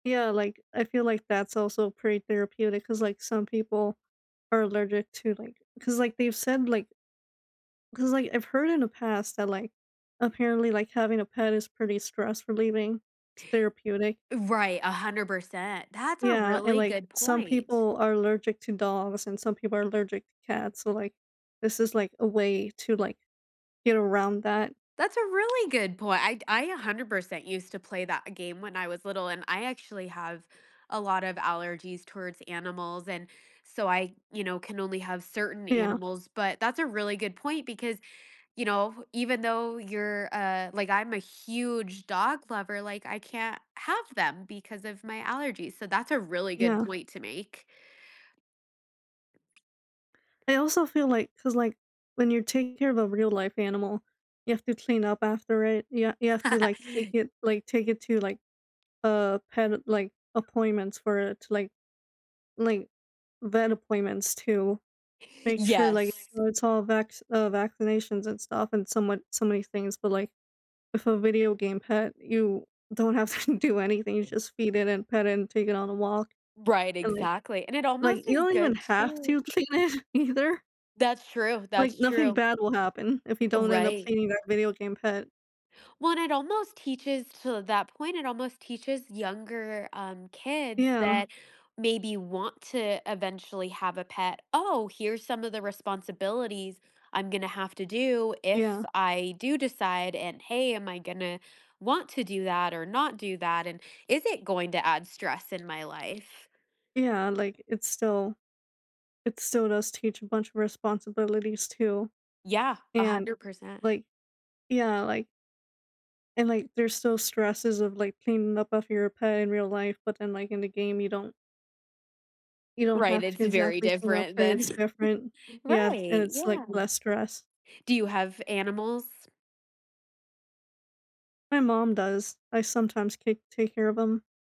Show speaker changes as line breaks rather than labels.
Yeah. Like, I feel like that's also pretty therapeutic 'cause, like, some people are allergic to, like 'cause, like, they've said, like 'cause, like, I've heard in the past that, like, apparently, like, having a pet is pretty stress relieving. It's therapeutic.
Right, 100%. That's a
Yeah. And,
really
like,
good
some
point.
people are allergic to dogs and some people are allergic to cats. So, like, this is, like, a way to, like, get around that.
That's a really good point. I'd I 100% used to play that game when I was little and I actually have a lot of allergies towards animals and so I, you know, can only have certain
Yeah.
animals, but that's a really good point because, you know, even though you're, uh like I'm a huge dog lover, like, I can't have them because of my allergies. So that's a really good
Yeah.
point to make.
I also feel like 'cause, like, when you're taking care of a real life animal, you have to clean up after it. You you have to, like, take it like, take it to, like, uh, pet, like, appointments for it to, like like, vet appointments to make sure, like,
Yes.
it's all vax uh, vaccinations and stuff and somewhat so many things. But, like, with a video game pet, you don't have to do anything. You
[unintelligible]
just feed it and pet it and take it on a walk.
Right.
And, like
Exactly. And it
like,
almost
you
is
don't even
good
have
to
to clean it either.
That's true,
Like,
that's
nothing
true.
bad will happen if you don't end up
Right.
cleaning that video game pet.
Well, and it almost teaches to that point, it almost teaches younger, um, kids
Yeah.
that maybe want to eventually have a pet, "Oh, here's some of the responsibilities I'm gonna have to do
Yeah.
if I do decide, and, hey am I gonna want to do that or not do that? And is it going to add stress in my life?"
Yeah. Like, it's still it's still does teach a bunch of responsibilities too.
Yeah. a
And,
hundred percent
like yeah, like and, like, there's still stresses of, like, cleaning up off your pet in real life. But then, like, in the game, you don't you don't
Right.
have
It's
to
very
exactly clean up
different
per.
then.
It's different. Yeah. And
Right.
it's, like,
Yeah.
less stress.
Do you have animals?
My mom does. I sometimes take take care of 'em.